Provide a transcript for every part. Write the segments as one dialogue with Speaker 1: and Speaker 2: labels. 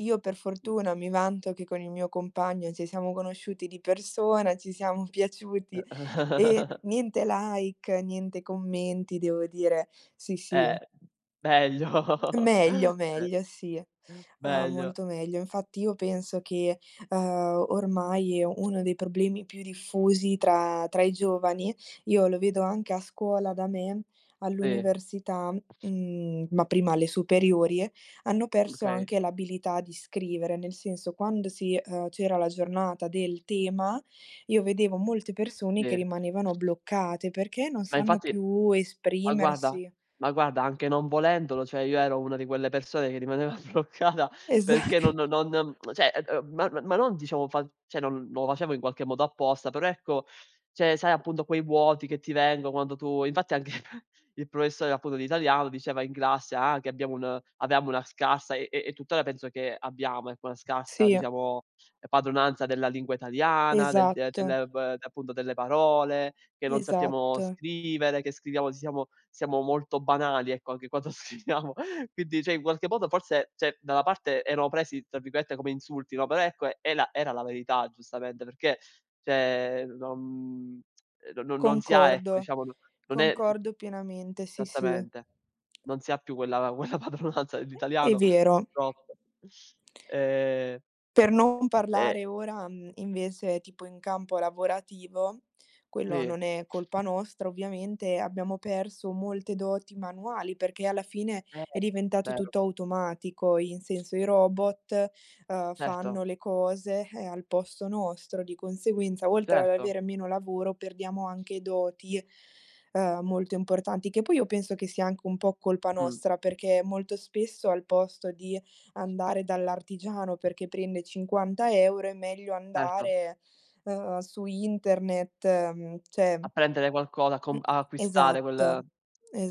Speaker 1: Io, per fortuna, mi vanto che con il mio compagno ci siamo conosciuti di persona, ci siam piaciuti. E niente like, niente commenti, devo dire. Sì, sì.
Speaker 2: Eh, meglio.
Speaker 1: Meglio,
Speaker 2: Eh.
Speaker 1: meglio, sì. Ah,
Speaker 2: Meglio.
Speaker 1: molto meglio. Infatti, io penso che, ehm, ormai è uno dei problemi più diffusi tra tra i giovani, io lo vedo anche a scuola da me,
Speaker 2: Sì.
Speaker 1: all'università, mhmm, ma prima alle superiori, hanno perso
Speaker 2: Okay.
Speaker 1: anche l'abilità di scrivere. Nel senso, quando si ehm, c'era la giornata del tema, io vedevo molte persone che
Speaker 2: Sì.
Speaker 1: rimanevano bloccate perché non
Speaker 2: Ma,
Speaker 1: sanno
Speaker 2: infatti
Speaker 1: più
Speaker 2: ma, guarda
Speaker 1: esprimersi.
Speaker 2: ma, guarda, anche non volendolo, cioè io ero una di quelle persone che rimaneva bloccata
Speaker 1: Esa
Speaker 2: perché no no non mhmm, cioè, ehm, m ma ma non diciamo fa cioè non lo facevo in qualche modo apposta, però, ecco, cioè, sai, appunto, quei vuoti che ti vengo quando tu infatti anche il professore, appunto, di italiano diceva in classe, ah, che abbiamo un avevamo una scarsa e e e, tuttora, penso che abbiamo, ecco, una scarsa,
Speaker 1: Sì.
Speaker 2: diciamo, ehm, padronanza della lingua italiana, del de
Speaker 1: Esatto.
Speaker 2: delle v appunto, delle parole, che non sappiamo
Speaker 1: Esatto.
Speaker 2: scrivere, che scriviamo siamo siamo molto banali, ecco, anche quando scriviamo. Quindi, cioè, in qualche modo, forse cioè, da una parte, erano presi tra virgolette "come insulti", no, però, ecco, è la era la verità, giustamente, perché, cioè, non, mhmm, ehm, no no non si ha, ecco,
Speaker 1: Concordo.
Speaker 2: diciamo, n non è
Speaker 1: Concordo pienamente, sì, sì.
Speaker 2: Esattamente. Non si ha più quella quella padronanza
Speaker 1: È
Speaker 2: dell'italiano,
Speaker 1: vero.
Speaker 2: purtroppo. Ehm
Speaker 1: Per non
Speaker 2: E
Speaker 1: parlare ora, uhm, invece, tipo, in campo lavorativo, quello
Speaker 2: Sì.
Speaker 1: non è colpa nostra, ovviamente, abbiamo perso molte doti manuali perché alla fine è
Speaker 2: [unintelligible]
Speaker 1: diventato
Speaker 2: vero.
Speaker 1: tutto automatico. In senso, i robot, ehm,
Speaker 2: Certo.
Speaker 1: fanno le cose, eh, al posto nostro. Di conseguenza, oltre ad
Speaker 2: Certo.
Speaker 1: avere meno lavoro, perdiamo anche doti, ehm, molto importanti. Che poi, io penso che sia anche un po' colpa
Speaker 2: Mh.
Speaker 1: nostra, perché, molto spesso, al posto di andare dall'artigiano perché prende 50 €, è meglio
Speaker 2: Certo.
Speaker 1: andare, ehm, su internet, mhmm, cioè
Speaker 2: A prendere qualcosa, a
Speaker 1: Mh.
Speaker 2: com a acquistare
Speaker 1: Esatto,
Speaker 2: quel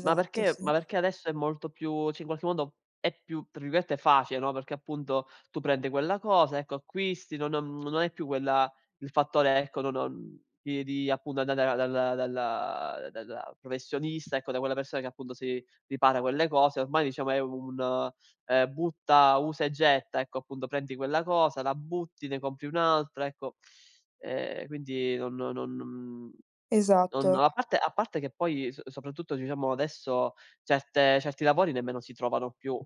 Speaker 2: ma perché
Speaker 1: sì.
Speaker 2: ma perché adesso è molto più sì, in qualche modo, è più, tra virgolette, "facile", no, perché, appunto, tu prendi quella cosa, ecco, acquisti, no non non hai più quella il fattore, ecco, no non di di, appunto, andare dalla dalla dalla professionista, ecco, da quella persona che, appunto, si ripara quelle cose. Ormai, diciamo, è un, ehm, butta, usa e getta. Ecco, appunto, prendi quella cosa, la butti, ne compri un'altra, ecco. Ehm, quindi non non mhmm, non
Speaker 1: Esatto.
Speaker 2: a parte a parte che poi s soprattutto, diciamo, adesso, certe certi lavori nemmeno si trovano più.